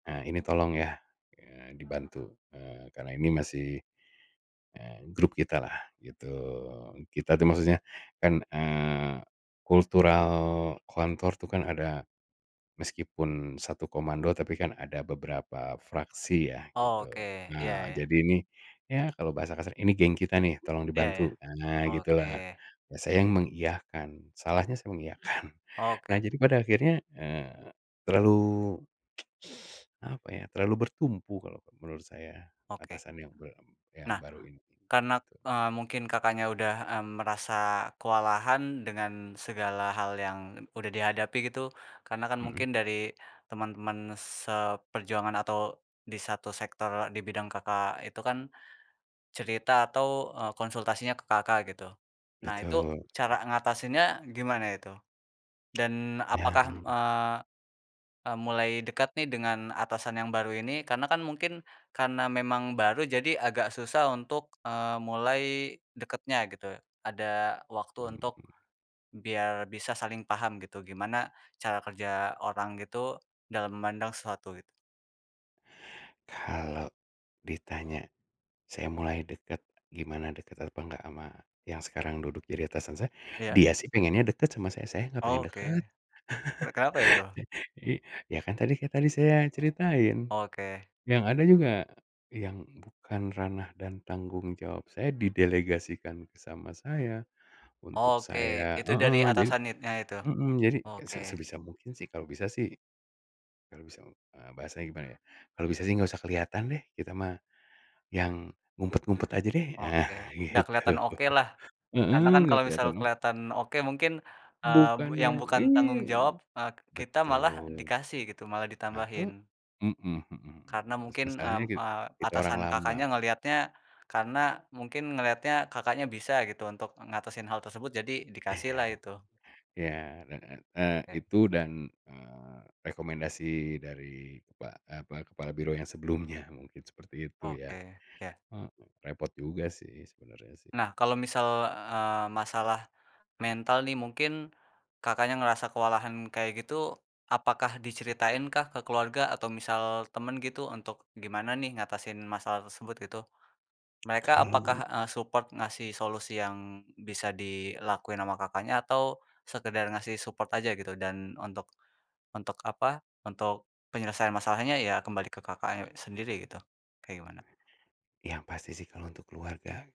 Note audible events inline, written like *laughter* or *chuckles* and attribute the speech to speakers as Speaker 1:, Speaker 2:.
Speaker 1: Ah ini tolong ya, ya dibantu, eee, karena ini masih, eee, grup kita lah gitu. Kita tuh maksudnya kan, eee, kultural kantor tuh kan ada, meskipun satu komando tapi kan ada beberapa fraksi ya
Speaker 2: Oke,
Speaker 1: gitu.
Speaker 2: iya
Speaker 1: Nah,
Speaker 2: ya.
Speaker 1: jadi ini ya kalau bahasa kasarnya, ini geng kita nih, tolong
Speaker 2: Iya ya,
Speaker 1: dibantu. Nah, gitu
Speaker 2: oke.
Speaker 1: lah, saya yang mengiyakan, salahnya saya mengiyakan. *chuckles* Nah
Speaker 2: Oke.
Speaker 1: jadi pada akhirnya, eee, terlalu, *tsk* *sucks teeth* apa ya, terlalu bertumpu kalau menurut saya,
Speaker 2: Oke.
Speaker 1: atasan yang be yang
Speaker 2: Nah
Speaker 1: baru ini,
Speaker 2: karena,
Speaker 1: gitu.
Speaker 2: eee, mungkin Kakaknya udah, mmm, merasa kewalahan dengan segala hal yang udah dihadapi gitu, karena kan
Speaker 1: Mhm.
Speaker 2: mungkin dari temen-temen seperjuangan atau di satu sektor di bidang Kakak itu kan cerita atau, eee, konsultasinya ke Kakak gitu. Nah itu
Speaker 1: Betul. Mmm.
Speaker 2: cara ngatasinnya gimana itu? Dan
Speaker 1: *clicks tongue* Nah.
Speaker 2: apakah, eee, mmm, mulai dekat nih dengan atasan yang baru ini? Karena kan mungkin karena memang baru jadi agak susah untuk, eee, mulai deketnya gitu. Ada waktu untuk
Speaker 1: Mmm.
Speaker 2: biar bisa saling paham gitu gimana cara kerja orang itu dalam memandang sesuatu gitu.
Speaker 1: Kalau ditanya, saya mulai deket, gimana deket apa nggak ama yang sekarang duduk jadi atasan saya,
Speaker 2: Iya.
Speaker 1: dia sih pengennya deket sama saya, saya gak pengen deket.
Speaker 2: Oke. Weh kenapa itu?
Speaker 1: *chuckles* I ya kan tadi kita tadi saya ceritain,
Speaker 2: Oke.
Speaker 1: yang ada juga yang bukan ranah dan tanggung jawab saya didelegasikan sama saya, untuk
Speaker 2: Oke,
Speaker 1: saya
Speaker 2: itu dari
Speaker 1: heeh jadi
Speaker 2: atasan itnya itu?
Speaker 1: mhm, jadi
Speaker 2: Oke.
Speaker 1: se sebisa mungkin sih kalau bisa sih, kalau bisa, eee, bahasanya gimana ya, kalau bisa sih gak usah kelihatan deh, kita mah yang ngumpet-ngumpet aja deh, ah
Speaker 2: Oke, dah
Speaker 1: gitu.
Speaker 2: keliatan okelah,
Speaker 1: *chuckles* Heeh
Speaker 2: karena kan
Speaker 1: nggak
Speaker 2: kalau
Speaker 1: kelihatan
Speaker 2: misalkan
Speaker 1: dong.
Speaker 2: keliatan oke mungkin, eee,
Speaker 1: Bukan
Speaker 2: yang
Speaker 1: yang
Speaker 2: bukan
Speaker 1: ini,
Speaker 2: tanggung
Speaker 1: eh
Speaker 2: jawab, eee, kita malah
Speaker 1: betul.
Speaker 2: dikasih gitu, malah
Speaker 1: Nah kok
Speaker 2: ditambahin.
Speaker 1: mhm mhm
Speaker 2: Karena
Speaker 1: mas
Speaker 2: mungkin,
Speaker 1: masalahnya
Speaker 2: mmm,
Speaker 1: kit
Speaker 2: eee,
Speaker 1: kita orang
Speaker 2: atasan
Speaker 1: lama.
Speaker 2: Kakaknya ngeliatnya karena mungkin ngeliatnya Kakaknya bisa gitu untuk ngatasin hal tersebut jadi dikasih
Speaker 1: Iya.
Speaker 2: lah itu.
Speaker 1: iya, heeh, eee,
Speaker 2: E.
Speaker 1: itu dan, eee, rekomendasi dari kepa apa, kepala biro yang sebelumnya mungkin seperti itu ya,
Speaker 2: Oke, ya.
Speaker 1: eee, repot juga sih sebenernya sih.
Speaker 2: Nah kalau misal, eee, masalah mental nih mungkin Kakaknya ngerasa kewalahan kayak gitu, apakah diceritain kah ke keluarga atau misal temen gitu untuk gimana nih ngatasin masalah tersebut gitu? Mereka
Speaker 1: Kalau
Speaker 2: apakah, eee, support ngasih solusi yang bisa dilakuin ama Kakaknya atau sekedar ngasih support aja gitu? Dan untuk untuk apa, untuk penyelesaian masalahnya ya kembali ke Kakaknya sendiri gitu, kayak gimana?
Speaker 1: Yang pasti sih kalau untuk keluarga